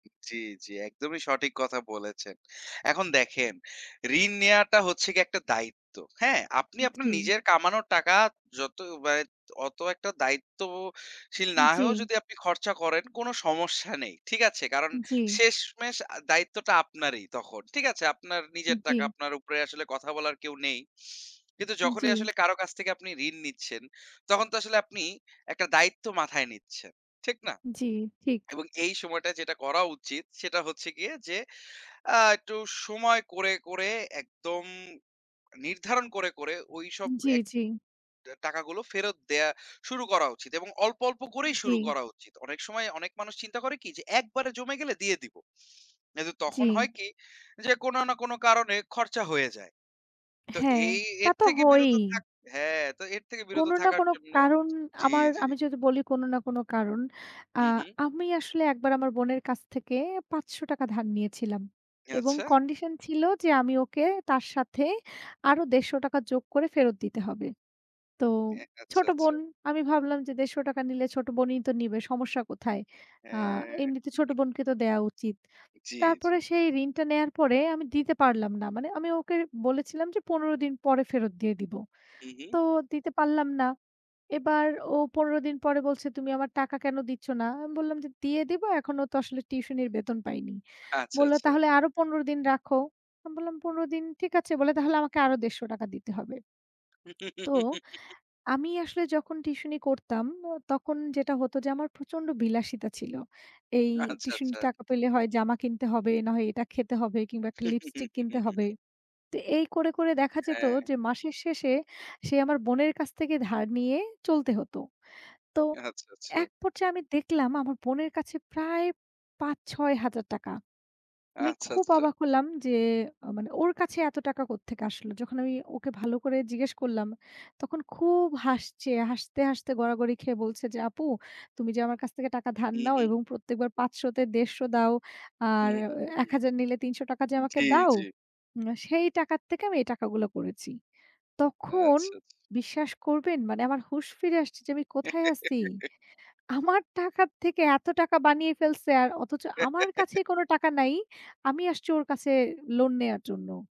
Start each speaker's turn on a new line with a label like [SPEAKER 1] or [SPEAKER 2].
[SPEAKER 1] জি, জি। একদমই সঠিক কথা বলেছেন। এখন দেখেন ঋণ নেওয়াটা হচ্ছে গিয়ে একটা দায়িত্ব, হ্যাঁ? আপনি আপনার
[SPEAKER 2] জি।
[SPEAKER 1] নিজের কামানো টাকা যত ব্যয় অত একটা দায়িত্বশীল
[SPEAKER 2] উম
[SPEAKER 1] না
[SPEAKER 2] জি।
[SPEAKER 1] হয়েও যদি আপনি খরচা করেন, কোন সমস্যা নেই, ঠিক আছে? কারণ
[SPEAKER 2] জি।
[SPEAKER 1] শেষমেষ আ দায়িত্বটা আপনারই তখন। ঠিক আছে আপনার নিজের টাকা
[SPEAKER 2] জি।
[SPEAKER 1] আপনার উপরে আসলে কথা বলার কেউ নেই। কিন্তু
[SPEAKER 2] উম
[SPEAKER 1] যখনই
[SPEAKER 2] জি।
[SPEAKER 1] আসলে কারো কাছ থেকে আপনি ঋণ নিচ্ছেন, তখন তো আসলে আপনি একটা দায়িত্ব মাথায় নিচ্ছেন, ঠিক না?
[SPEAKER 2] জি, ঠিক।
[SPEAKER 1] এবং এই সময়টায় যেটা করা উচিত সেটা হচ্ছে গিয়ে যে আ একটু সময় করে, করে একদম নির্ধারণ করে, করে ওইসব
[SPEAKER 2] উম জি,
[SPEAKER 1] এক
[SPEAKER 2] জি।
[SPEAKER 1] অ্যা টাকা গুলো ফেরত দেয়া শুরু করা উচিত। এবং অল্প, অল্প করেই শুরু
[SPEAKER 2] জি।
[SPEAKER 1] করা উচিত। অনেক সময় অনেক মানুষ চিন্তা করে কি যে, "একবারে জমে গেলে দিয়ে দিবো।" কিন্তু
[SPEAKER 2] জি।
[SPEAKER 1] তখন হয় কি? যে কোন না কোন কারণে খরচা হয়ে যায়। তো
[SPEAKER 2] হ্যাঁ,
[SPEAKER 1] এই
[SPEAKER 2] তা
[SPEAKER 1] এর
[SPEAKER 2] তো
[SPEAKER 1] থেকে
[SPEAKER 2] হয়ই।
[SPEAKER 1] বিরত থাক হ্যাঁ। তো এর থেকে বিরত
[SPEAKER 2] কোন না
[SPEAKER 1] থাকার
[SPEAKER 2] কোন
[SPEAKER 1] জন্য
[SPEAKER 2] কারণ
[SPEAKER 1] জি,
[SPEAKER 2] আমার
[SPEAKER 1] জি।
[SPEAKER 2] আমি যদি বলি কোন না কোন কারণ। আ
[SPEAKER 1] হু, হু।
[SPEAKER 2] আমি আসলে একবার আমার বোনের কাছ থেকে ৳৫০০ ধার নিয়েছিলাম। এবং
[SPEAKER 1] আচ্ছা।
[SPEAKER 2] কন্ডিশন ছিল যে আমি ওকে তার সাথে আরো ৳১৫০ যোগ করে ফেরত দিতে হবে। তো
[SPEAKER 1] অ্যা আচ্ছা,
[SPEAKER 2] ছোট
[SPEAKER 1] আচ্ছা।
[SPEAKER 2] বোন আমি ভাবলাম যে ৳১৫০ নিলে ছোট বোনই তো নিবে, সমস্যা কোথায়? আ
[SPEAKER 1] হ্যাঁ।
[SPEAKER 2] এমনিতে ছোট বোনকে তো দেয়া উচিত।
[SPEAKER 1] জি, জি।
[SPEAKER 2] তারপরে সেই ঋণটা নেয়ার পরে আমি দিতে পারলাম না। মানে আমি ওকে বলেছিলাম যে ১৫ দিন পরে ফেরত দিয়ে দিব।
[SPEAKER 1] হু, হু।
[SPEAKER 2] তো দিতে পারলাম না। এবার ও ১৫ দিন পরে বলছে, "তুমি আমার টাকা কেন দিচ্ছ না?" আমি বললাম যে, "দিয়ে দিব, এখনও তো আসলে টিউশনির বেতন পাইনি।"
[SPEAKER 1] আচ্ছা,
[SPEAKER 2] বলল,
[SPEAKER 1] আচ্ছা।
[SPEAKER 2] "তাহলে আরো ১৫ দিন রাখো।" আমি বললাম, "১৫ দিন ঠিক আছে।" বলে, "তাহলে আমাকে আরো ৳১৫০ দিতে হবে।" তো আমি আসলে যখন টিউশনি করতাম, অ তখন যেটা হত যে আমার প্রচন্ড বিলাসিতা ছিল। এই
[SPEAKER 1] আচ্ছা, আচ্ছা।
[SPEAKER 2] টিউশনির টাকা পেলে হয় জামা কিনতে হবে, না হয় এটা খেতে হবে কিংবা ১ টা লিপস্টিক কিনতে হবে। তো এই করে, করে দেখা যেত
[SPEAKER 1] হ্যাঁ।
[SPEAKER 2] যে মাসের শেষে, সেই আমার বোনের কাছ থেকে ধার নিয়ে চলতে হত। তো
[SPEAKER 1] আচ্ছা, আচ্ছা।
[SPEAKER 2] এক পর্যায়ে আমি দেখলাম আমার বোনের কাছে প্রায় ৳৫০০০-৬০০০ আমি
[SPEAKER 1] আচ্ছা,
[SPEAKER 2] খুব
[SPEAKER 1] আচ্ছা।
[SPEAKER 2] অবাক হলাম যে আ মানে ওর কাছে এত টাকা কোত্থেকে আসলো? যখন আমি ওকে ভালো করে জিজ্ঞেস করলাম, তখন খুব হাসছে। হাসতে, হাসতে গড়াগড়ি খেয়ে বলছে যে "আপু তুমি যে আমার কাছ থেকে টাকা ধার
[SPEAKER 1] হু,
[SPEAKER 2] নাও
[SPEAKER 1] হু।
[SPEAKER 2] এবং প্রত্যেকবার ৫০০ তে ১৫০ দাও।
[SPEAKER 1] হু,
[SPEAKER 2] আর
[SPEAKER 1] হু, হু,
[SPEAKER 2] অ্যা এক
[SPEAKER 1] হু।
[SPEAKER 2] হাজার নিলে ৳৩০০ যে
[SPEAKER 1] জি,
[SPEAKER 2] আমাকে দাও
[SPEAKER 1] জি।
[SPEAKER 2] উম সেই টাকার থেকে আমি এই টাকাগুলা করেছি।"
[SPEAKER 1] আচ্ছা,
[SPEAKER 2] তখন
[SPEAKER 1] আচ্ছা।
[SPEAKER 2] বিশ্বাস করবেন? মানে আমার হুশ ফিরে আসছে যে, "আমি কোথায় আছি?" আমার টাকা থেকে এত টাকা বানিয়ে ফেলছে আর অথচ আমার কাছেই কোন টাকা নাই। আমি আসছি ওর কাছে লোন নেয়ার জন্য।